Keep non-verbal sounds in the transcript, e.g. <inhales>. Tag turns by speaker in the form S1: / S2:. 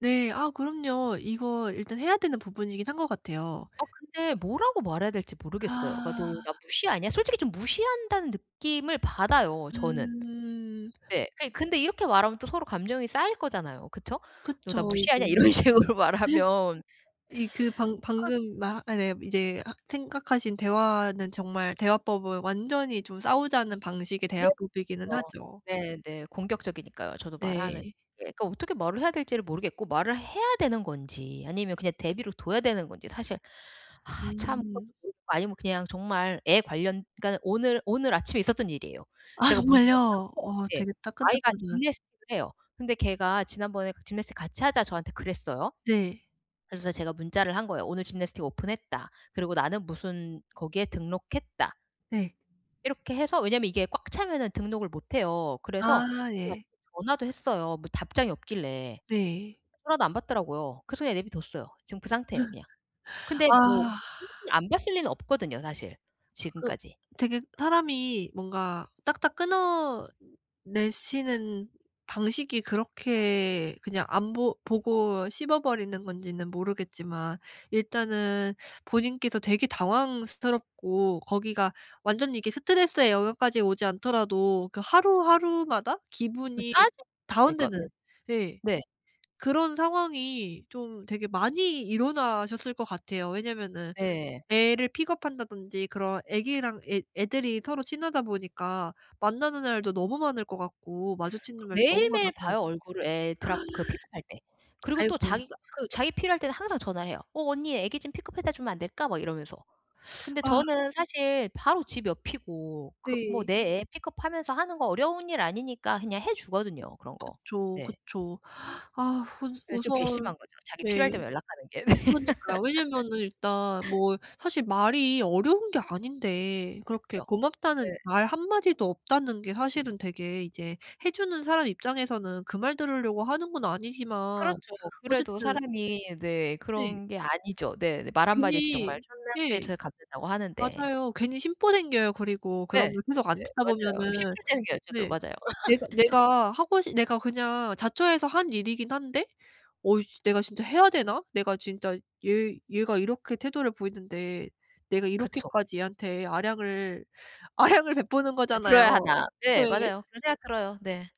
S1: 네. 아 그럼요. 이거 일단 해야 되는 부분이긴 한 것 같아요.
S2: 어 근데 뭐라고 말해야 될지 모르겠어요. 그러니까 "너
S1: 아.
S2: 나 무시하냐?" 솔직히 좀 무시한다는 느낌을 받아요. 저는.
S1: 음.
S2: 네. 그 근데 이렇게 말하면 또 서로 감정이 쌓일 거잖아요. 그쵸? "너 나
S1: 그쵸. 이제
S2: 무시하냐?"
S1: <laughs>
S2: 이런 식으로 말하면
S1: 이 그 방
S2: <sucks teeth> 그
S1: 방금 말 아 네. 이제 아 생각하신 대화는 정말 대화법은 완전히 좀 싸우자는 방식의
S2: 네.
S1: 대화법이기는
S2: 맞아요.
S1: 하죠.
S2: 네네. 공격적이니까요. 저도 말하는
S1: 네.
S2: 그러니까 어떻게 말을 해야 될지를 모르겠고 말을 해야 되는 건지 아니면 그냥 내버려 둬야 되는 건지 사실 아 참 그것도
S1: 음.
S2: 모르겠고 아니면 그냥 정말 애 관련 그니까는 오늘 오늘 아침에 있었던 일이에요.
S1: 아
S2: 제가 문자를
S1: 정말요?
S2: 했어요.
S1: 와
S2: 예.
S1: 되게
S2: 아이가
S1: 따끈따끈한.
S2: gymnastic을 해요. 근데 걔가 지난번에 그 "gymnastic 같이 하자." 저한테 그랬어요.
S1: 네.
S2: 그래서 제가 문자를 한 거예요. "오늘 gymnastic 오픈했다. 그리고 나는 무슨 거기에 등록했다."
S1: 네.
S2: 이렇게 해서 왜냐하면 이게 꽉 차면은 등록을 못 해요. 그래서
S1: 아
S2: <unintelligible>
S1: 예.
S2: 전화도 했어요. 뭐 답장이 없길래.
S1: 네.
S2: 전화도 안 받더라고요. 그래서 그냥 내비뒀어요. 지금 그 상태예요 그냥.
S1: <laughs>
S2: 근데 뭐
S1: 아.
S2: 솔직히 안 봤을 리는 없거든요 사실.
S1: 그
S2: 지금까지.
S1: 되게 사람이 뭔가 딱딱 끊어내시는 방식이 그렇게 그냥 안 보 보고 씹어버리는 건지는 모르겠지만 일단은 본인께서 되게 당황스럽고 거기가 완전히 이게 스트레스의 영역까지 오지 않더라도 그 하루 하루마다
S2: 그
S1: 기분이
S2: 짜증 나요 그러니까. 네.
S1: 다운되는 예.
S2: 네.
S1: 그런 상황이 좀 되게 많이 일어나셨을 것 같아요. 왜냐하면은
S2: 네.
S1: 애를 pick up한다든지 그런 아기랑 애 애들이 서로 친하다 보니까 만나는 날도 너무 많을 것 같고 마주치는 날도 너무
S2: 매일매일
S1: 많아서
S2: 봐요 얼굴을 애 drop 그 pick up할 때.
S1: <gasps>
S2: 그리고 또
S1: 아이고.
S2: 자기가 그 자기 필요할 때는 항상 전화를 해요. "어 언니 아기 좀 pick up 해다 주면 안 될까?" 막 이러면서. 근데
S1: <sucks teeth> 아.
S2: 저는 사실 바로 집 옆이고 그 뭐
S1: 네.
S2: 내 애 pick up하면서 하는 거 어려운 일 아니니까 그냥 해 주거든요 그런 거.
S1: 그쵸,
S2: 네.
S1: 그쵸 <inhales> 아 우
S2: 예 좀
S1: 우선
S2: 괘씸한 거죠. 자기
S1: 네.
S2: 필요할 때만 연락하는 게.
S1: 그러니까요. 왜냐하면은 일단
S2: <laughs>
S1: 뭐 사실 말이 어려운 게 아닌데 그렇게
S2: 그쵸. 네.
S1: 고맙다는 말 한마디도 없다는 게 사실은 되게 이제 해 주는 사람 입장에서는 그 말 들으려고 하는 건 아니지만
S2: 그렇죠. 그래도
S1: 어쨌든
S2: 사람이 네.
S1: 네.
S2: 그런 게 아니죠. 네. 말 한마디에 진짜 정말
S1: 괜히
S2: 천냥
S1: 네.
S2: 빚을 갚는다고 하는데.
S1: 맞아요. 괜히 심보 생겨요. 그리고
S2: 네. 네.
S1: 그러면 계속 안 듣다
S2: 맞아요.
S1: 보면은
S2: 심술재 생겨요, 저도.
S1: 네.
S2: 맞아요.
S1: 내가 내가 하고 싶 내가 그냥 자처해서 한 일이긴 한데 '어이씨 내가 진짜 해야 되나?' 내가 진짜 얘 얘가 이렇게 태도를 보이는데 내가
S2: 그쵸.
S1: 이렇게까지 얘한테 아량을 아량을 베푸는 거잖아요.
S2: 베풀어야 하나. 네.
S1: 네.
S2: 맞아요. 그런 생각 들어요. 네.